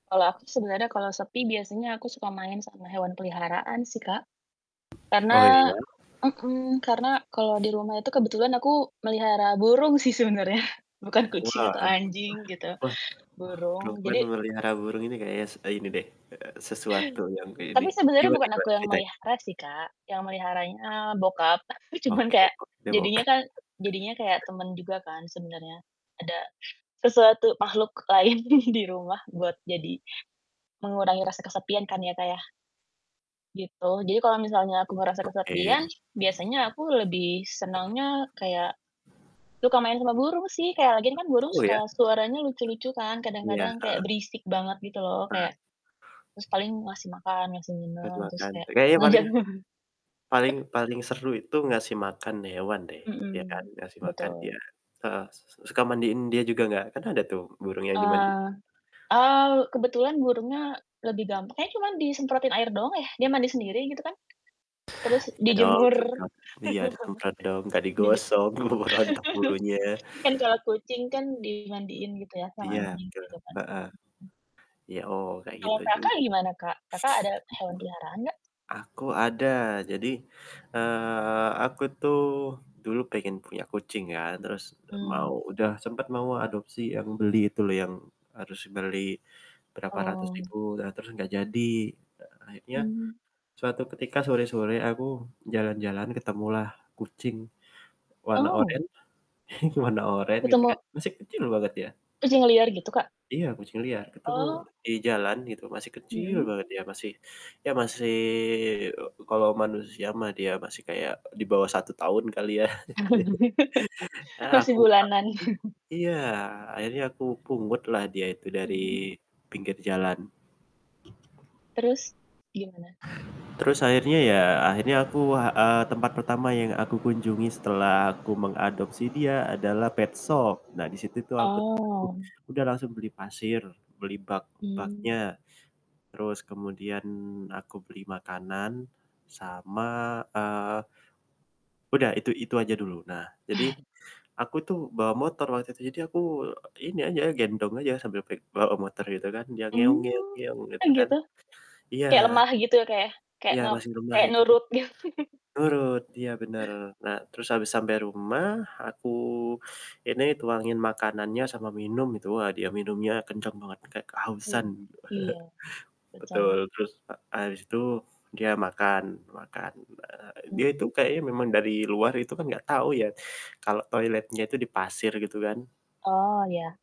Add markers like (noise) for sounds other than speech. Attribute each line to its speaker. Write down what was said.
Speaker 1: Kalau aku sebenarnya kalau sepi biasanya aku suka main sama hewan peliharaan sih Kak.
Speaker 2: Oh,
Speaker 1: Karena
Speaker 2: iya.
Speaker 1: mmm, karena kalau di rumah itu kebetulan aku melihara burung sih sebenarnya bukan kucing
Speaker 2: Wah
Speaker 1: atau
Speaker 2: wah
Speaker 1: anjing gitu,
Speaker 2: wah
Speaker 1: burung,
Speaker 2: perempuan
Speaker 1: jadi
Speaker 2: memelihara burung ini kayak s ini deh, eee, sesuatu yang kek ini
Speaker 1: Tapi sebenarnya
Speaker 2: gimana
Speaker 1: bukan aku
Speaker 2: gimana
Speaker 1: yang
Speaker 2: ceritain?
Speaker 1: melihara sih Kak, yang meliharanya, bokap. Aku cuman
Speaker 2: Oke,
Speaker 1: kayak,
Speaker 2: oke, oke.
Speaker 1: jadinya kan, jadinya kayak
Speaker 2: (chuckles)
Speaker 1: temen juga kan sebenarnya, ada sesuatu makhluk lain di di rumah buat jadi mengurangi rasa kesepian kan ya Kak ya. Gitu, jadi kalau misalnya aku merasa
Speaker 2: Oke.
Speaker 1: kesepian, biasanya aku lebih senangnya kayak suka main sama burung sih, kayak lagi kan burung
Speaker 2: Oh,
Speaker 1: suka
Speaker 2: ya?
Speaker 1: suaranya lucu-lucu kan,
Speaker 2: Iya,
Speaker 1: kadang-kadang kayak
Speaker 2: heeh.
Speaker 1: berisik banget gitu loh,
Speaker 2: Ah.
Speaker 1: kayak paling ngasih makan, ngasih
Speaker 2: Kasih
Speaker 1: minum, terus
Speaker 2: makan,
Speaker 1: kayak
Speaker 2: kayaknya
Speaker 1: ngajak
Speaker 2: paling
Speaker 1: burung
Speaker 2: paling paling seru itu ngasih makan hewan deh, iya kan?
Speaker 1: Hmm,
Speaker 2: Ngasih makan dia,
Speaker 1: betul.
Speaker 2: heeh, s s suka mandiin dia juga nggak? Kan ada tuh burung yang dimandi.
Speaker 1: Eee, oh, kebetulan burungnya lebih gampang, kayak cuma disemprotin air doang ya, dia mandi sendiri gitu kan, terus
Speaker 2: Iya
Speaker 1: di
Speaker 2: dong,
Speaker 1: jemur.
Speaker 2: semprot. Iya,
Speaker 1: (laughs)
Speaker 2: semprot dong, nggak
Speaker 1: di je
Speaker 2: digosok keburu rontok bulunya.
Speaker 1: (laughs) man kalau kucing kan dimandiin gitu ya, sama
Speaker 2: Iya,
Speaker 1: anjing,
Speaker 2: betul,
Speaker 1: gitu kan,
Speaker 2: heeh.
Speaker 1: mmm.
Speaker 2: Iya, oh, kayak
Speaker 1: Kalau
Speaker 2: gitu. (sniffs)
Speaker 1: Kakak gimana, Kak? Kakak ada hewan peliharaan nggak?
Speaker 2: Aku ada, jadi, eee, aku tuh dulu pengen punya kucing ya, terus mau
Speaker 1: Hmm.
Speaker 2: udah sempet mau adopsi yang beli itu loh yang harus beli berapa ratus
Speaker 1: Oh.
Speaker 2: ribu ternya terus nggak jadi. E akhirnya
Speaker 1: Hmm.
Speaker 2: suatu ketika, sore-sore, aku jalan-jalan ketemulah kucing warna oren,
Speaker 1: Oh.
Speaker 2: (chuckles) warna oren gitu kan,
Speaker 1: Ketemu?
Speaker 2: masih kecil banget ya.
Speaker 1: Kucing liar gitu, Kak?
Speaker 2: Iya, kucing liar, ketemu
Speaker 1: Oh.
Speaker 2: dijalan gitu, masih kecil
Speaker 1: Hmm.
Speaker 2: banget, dia masih, ya masih e kalau manusia mah dia masih kayak dibawah 1 tahun kali ya,
Speaker 1: (chuckles)
Speaker 2: (chuckles) ah,
Speaker 1: Masih
Speaker 2: aku
Speaker 1: bulanan. (chuckles)
Speaker 2: iya akhirnya aku aku pungutlah dia itu dari
Speaker 1: Hmm.
Speaker 2: pinggir jalan.
Speaker 1: Terus, gimana?
Speaker 2: Terus akhirnya, ya, akhirnya aku, heeh, tempat pertama yang aku kunjungi setelah aku mengadopsi dia adalah petshop, nah disitu tuh aku tuh
Speaker 1: Oh.
Speaker 2: udah langsung beli pasir, beli bak
Speaker 1: Hmm.
Speaker 2: baknya, terus kemudian aku beli makanan sama, eee udah itu itu aja dulu. Nah jadi,
Speaker 1: Eh.
Speaker 2: aku tuh bawa motor waktu itu, jadi aku ini aja, gendong aja sambil pe bawa motor gitu kan, dia
Speaker 1: Hmm, kan
Speaker 2: gitu kan.
Speaker 1: gitu,
Speaker 2: Iya.
Speaker 1: kayak lemah gitu, ya Kak ya, kayak
Speaker 2: Iya
Speaker 1: ngep
Speaker 2: masih rumlah
Speaker 1: kayak
Speaker 2: itu kan.
Speaker 1: nurut git (chuckles)
Speaker 2: Nurut. Iya, bener. Nah terus abis sampe rumah, aku (sucks teeth) ini tuangin makanannya sama minum gitu, wah dia minumnya kenceng banget, kayak kehausan.
Speaker 1: Hmm, iya,
Speaker 2: (chuckles) Betul,
Speaker 1: betul.
Speaker 2: terus e habis itu, dia makan, makan. E
Speaker 1: Hmm.
Speaker 2: dia itu kayaknya memang dari luar itu kan gak tau ya kalau toiletnya itu di pasir, gitu kan.
Speaker 1: Oh, iya.